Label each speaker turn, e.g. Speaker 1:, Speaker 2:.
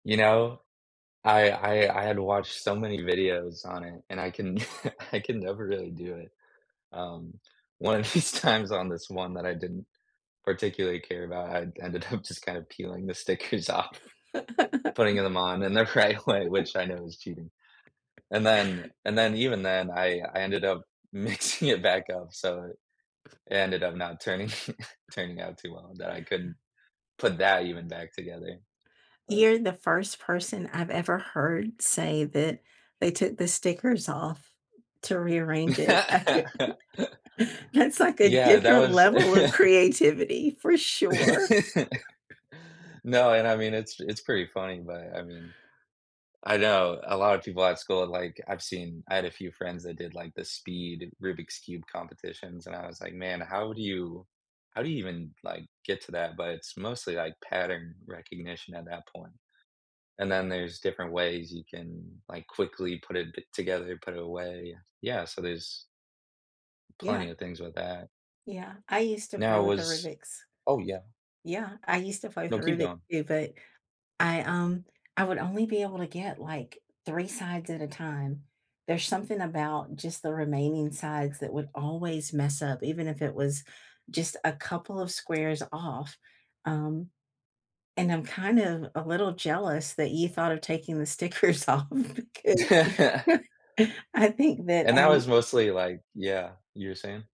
Speaker 1: You know, I I I had to watch so many videos on it, and I can I can never really do it. Um, one of these times on this one that I didn't particularly care about, I ended up just kind of peeling the stickers off, putting them on in the right way, which I know is cheating, and then and then even then, I I ended up mixing it back up, so it ended up not turning turning out too well that I couldn't put that even back together. But
Speaker 2: You're the first person I've ever heard say that they took the stickers off to rearrange it. That's like a
Speaker 1: Yeah. That
Speaker 2: different
Speaker 1: was
Speaker 2: level of creativity for sure.
Speaker 1: No, and I mean, it's it's pretty funny, but I mean I know. A lotta people at school, like, I've seen I had a few friends that did, like, the speed Rubik's Cube competitions, and I was like, "Man, how would you how do you even, like, get to that?" But it's mostly, like, pattern recognition at that point, and then there's different ways you can, like, quickly put it t together put it away, yes. Yeah, so there's plenty
Speaker 2: Yeah.
Speaker 1: of things with that.
Speaker 2: Yeah. I used to play
Speaker 1: Now
Speaker 2: with the
Speaker 1: was
Speaker 2: Rubik's
Speaker 1: Oh, yeah.
Speaker 2: Yeah, I used to play with
Speaker 1: No, keep
Speaker 2: Rubik
Speaker 1: going.
Speaker 2: too, but I, um, I would only be able to get, like, 3 sides at a time. There's something about just the remaining sides that would always mess up, even if it was just a couple of squares off, um, and I'm kind of a little jealous that you thought of taking the stickers off because I think that,
Speaker 1: And that
Speaker 2: um
Speaker 1: was mostly, like Yeah, you were saying?